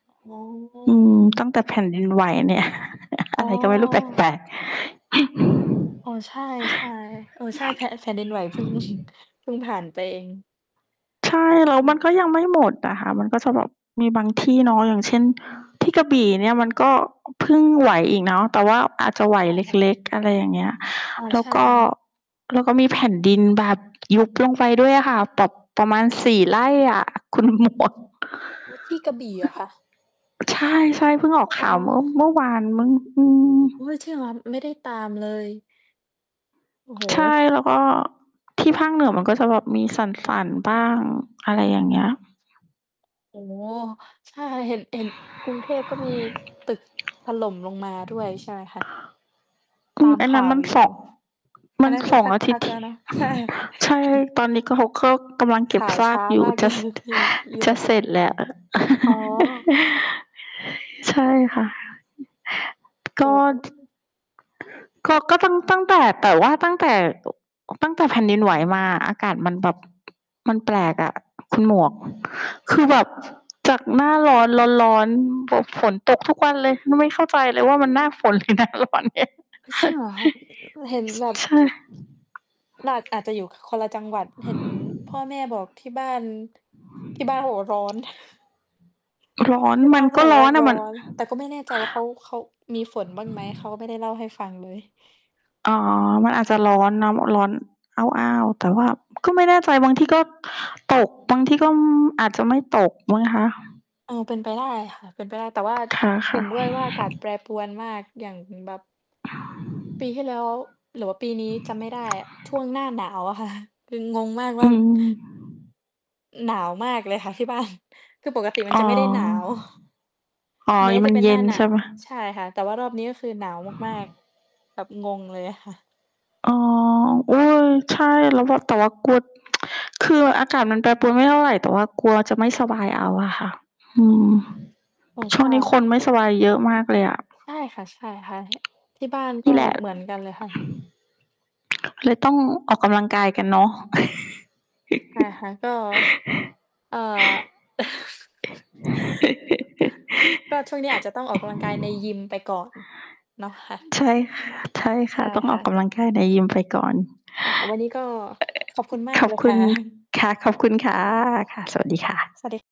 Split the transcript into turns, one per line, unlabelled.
อ๋
อืม
อ
ตั้งแต่แผ่นดินไหวเนี่ย อ
อ๋
ะ
อ
ไรก็ไม่รู้แปลก ๆ
อ๋อ ใช่ ๆ เออ ใช่ แพะ แผ่นดินไหว เพิ่ง เพิ่งผ่านไปเอง
ใช่ แล้
ค
ว
่ะ
มันก็
อือ
ยังไม่หมดอะค่ะ มันก็จะแบบมีบางที่เนาะ อย่างเช่น ที่กระบี่เนี่ย มันก็เพิ่งไหวอีกเนาะ แต่ว่าอาจจะไหว
ค่ะ ๆ
เล็ก ๆ อะไรอย่างเงี้ย
อ๋อ
แล
ใ
้
ช
ว
่
ก็
ค่ะ
แล้วก็มีแผ่นดินแบบยุบลงไป ด้วยอะค่ะ แบบประมาณ 4 ไร่อะ คุณ หมวก
อุ๊ย ที่กระบี่เหรอคะ?
ใช่ ๆ เพิ่งออ
อ
ก
อ
ข
๋
่
อ
าวเมื่อ เมื่อวาน มั้ง อืม
โอ๊ย จริงเหรอ? ไม่ได้ตามเลย โอ้โฮ
ใช่ แล้วก็ ที่ภาคเหนือ มันก็จะแบบมีสั่น ๆ บ้าง อะไรอย่างเงี้ย
โอ้โฮ ใช่ เห็น เห็นกรุงเทพก็มีตึกถล่มลงมาด้วยใช่ไหมคะ?
อ
ต
ื
า
ม
ม
อัน
ข
นั
่
้น
าว
มัน
อย
เส
ู่
าะ ม
อั
ั
น
น
นั้นค
ส
ือ
อง
สัก
อา
พ
ทิต
ั
ย
ก
์ ท
แล
ี
้วเนาะ ใช่
ใช่ ตอนนี้ก็ เขาก็กำลังเก
ค
็บ
่ะ ข่าว
ซ
ช
า
้
ก
า
อยู่
มาก
จ
เล
ะ
ย ที่ยุ
จ
โร
ะ
ป
เสร็จแล้ว
อ๋อ
ใช่ค่ะ ก็
โอ้โ
ช
ฮ
ก็ ก็ตั้ง ตั้งแต่ แต่ว่าตั้งแต่ ตั้งแต่แผ่นดินไหวมาอะ อากาศมันแบบ มันแปลกอะคุณหมวก คือแบบจากหน้าร้อน ร้อน ๆ แบบฝนตกทุกวันเลย นี่ไม่เข้าใจเลยว่า มันหน้าฝน หรือหน้าร้อนเนี่ย
เฮ้ย จริงเหรอคะ? คือเห็น
ช
แบบ
ใช่
หนาด อาจจะอยู่ ค คนละจังหวัด เห็นพ่อแม่บอกที่บ้าน ที่บ้านเขาบอกว่าร้อน
ร้อน
ที่
ม
บ้
ั
า
น
นเข
ก
า
็
บอก
ร
ว
้
่
อ
า
นอ
ร
ะ
้อ
มัน
น แต่ก็ไม่แน่ใจว่าเขา เขามีฝนบ้างไหม เขาก็ไม่ได้เล่าให้ฟังเลย
อ๋อ มันอาจจะร้อนเนาะ ร้อนอ้าว ๆ แต่ว่าก็ไม่แน่ใจ บางทีก็ตก บางที่ก็ อืม อาจจะไม่ตกมั้งคะ
เออ เป็นไปได้ค่ะ เป็นไปได้ แต่ว่า
ค
เห็
่ะ
นด้วย
ๆ
ว่าอากาศแปรปรวนมาก อย่างแบบ ปีที่แล้ว หรือว่าปีนี้จำไม่ได้อะ ช่วงหน้าหนาวอะ ค่ะ คืองงมาก
อ
ว่า
ืม
หนาวมากเลยค่ะ ที่บ้าน คือปกติมัน
อ๋
จ
อ
ะไม่ได้ หนาว
อ๋อ อ
แม
ัน
้
นี้
จ
ม
ะ
ัน
เป็น
เย
หน้
็
า
น
หนา
ใช่เ
ว
ปล่า?
ใช่ค่ะ แต่ว่ารอบนี้ก็คือหนาวมาก ๆ แบบงงเลยอะค่ะ
อ๋อ โอ๊ย ใช่ แล้วแบบ แต่ว่ากลัว คืออากาศมันแปรปรวนไม่เท่าไร แต่ว่ากลัวจะไม่สบายเอาอะค่ะ อื
อ๋อ
ม
อ๋อ
ช
ใช
่วงนี้ค
่
นไม่สบายเยอะมากเลยอะ
ใช่ค่ะ ๆ ท ที่บ้าน
น
ก
ี
็
่แหละ
เหมือนกันเลยค่ะ
เลยต้องออกกำลังกายกันเนาะ
อะฮะ ก็ เอ่อ ก็ช่วงนี้อาจจะต้องออกกำลังกายในยิมไปก่อน เนาะคะ
ใช่ ค ใช่ค
ใช
่ะ
่
ต้อง
ค
อ
่
อ
ะ
กก
ก
ำ
็
ลังกายในยิมไปก่อน
ค่ะ วันนี้ก็ ขอบคุณมา
ข
ก
อ
เ
บ
ลย
ค
ค
ุ
่
ณ
ะ
ค่ะ ขอบคุณค่ะ ค่ะ สวัสดีค่ะ
สวัสดี